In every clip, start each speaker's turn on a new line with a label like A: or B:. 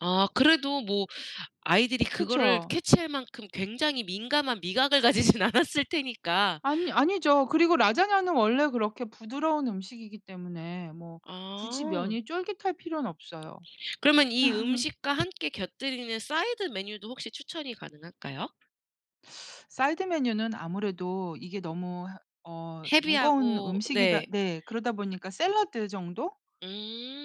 A: 아 그래도 뭐 아이들이 그거를
B: 그쵸.
A: 캐치할 만큼 굉장히 민감한 미각을 가지진 않았을 테니까.
B: 아니 아니죠. 그리고 라자냐는 원래 그렇게 부드러운 음식이기 때문에 뭐 굳이
A: 아.
B: 면이 쫄깃할 필요는 없어요.
A: 그러면 이 음식과 함께 곁들이는 사이드 메뉴도 혹시 추천이 가능할까요?
B: 사이드 메뉴는 아무래도 이게 너무 허 어 무거운
A: 헤비하고
B: 음식이다
A: 네.
B: 네. 그러다 보니까 샐러드 정도?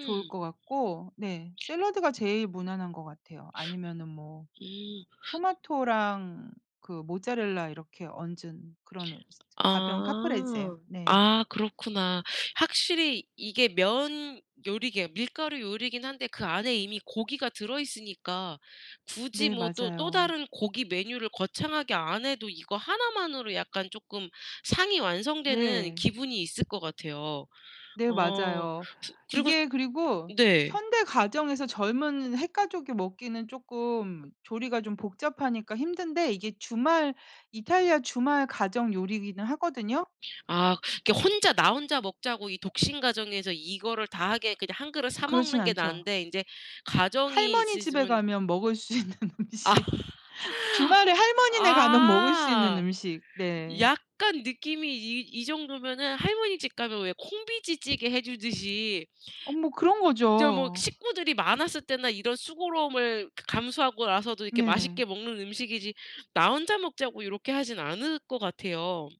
B: 좋을 것 같고. 네. 샐러드가 제일 무난한 것 같아요. 아니면은 뭐
A: 음.
B: 토마토랑 그 모짜렐라 이렇게 얹은 그런 어 즈 가벼운 카프레제.
A: 아.
B: 네.
A: 아 그렇구나. 확실히 이게 면 요리 계열 밀가루 요리긴 한데 그 안에 이미 고기가 들어 있으니까 굳이
B: 네.
A: 뭐 또 또
B: 맞아요.
A: 다른 고기 메뉴를 거창하게 안 해도 이거 1 만으로 약간 쪼끔 상이 완성되는
B: 네.
A: 기분이 있을 것 같아요.
B: 네.
A: 어
B: 맞아요.
A: 스 그리고
B: 이게 그리고
A: 네.
B: 현대 가정에서 젊은 핵가족이 먹기는 쪼끔 조리가 좀 복잡하니까 힘든데 이게 주말 이탈리아 주말 가정 요리기는 하거든요.
A: 아 이렇게 혼자 나 혼자 먹자고 이 독신 가정에서 이거를 다 하게 그냥 1 그릇 사
B: 그렇진
A: 먹는 게
B: 않죠.
A: 나은데 인제 가정이
B: 할머니 집에
A: 있으시면
B: 가면 먹을 수 있는
A: 아
B: 음식. 주말에 할머니네 가면 먹을 수 있는
A: 아
B: 음식. 네.
A: 약간 느낌이 이 이 정도면은 할머니 집 가면 왜 콩비지찌개 해주듯이
B: 아 뭐
A: 저 뭐
B: 그런거죠.
A: 식구들이 많았을 때나 이런 수고로움을 감수하고라서도 이렇게
B: 네.
A: 맛있게 먹는 음식이지 나 혼자 먹자고 요렇게 하지는 않을 것 같아요.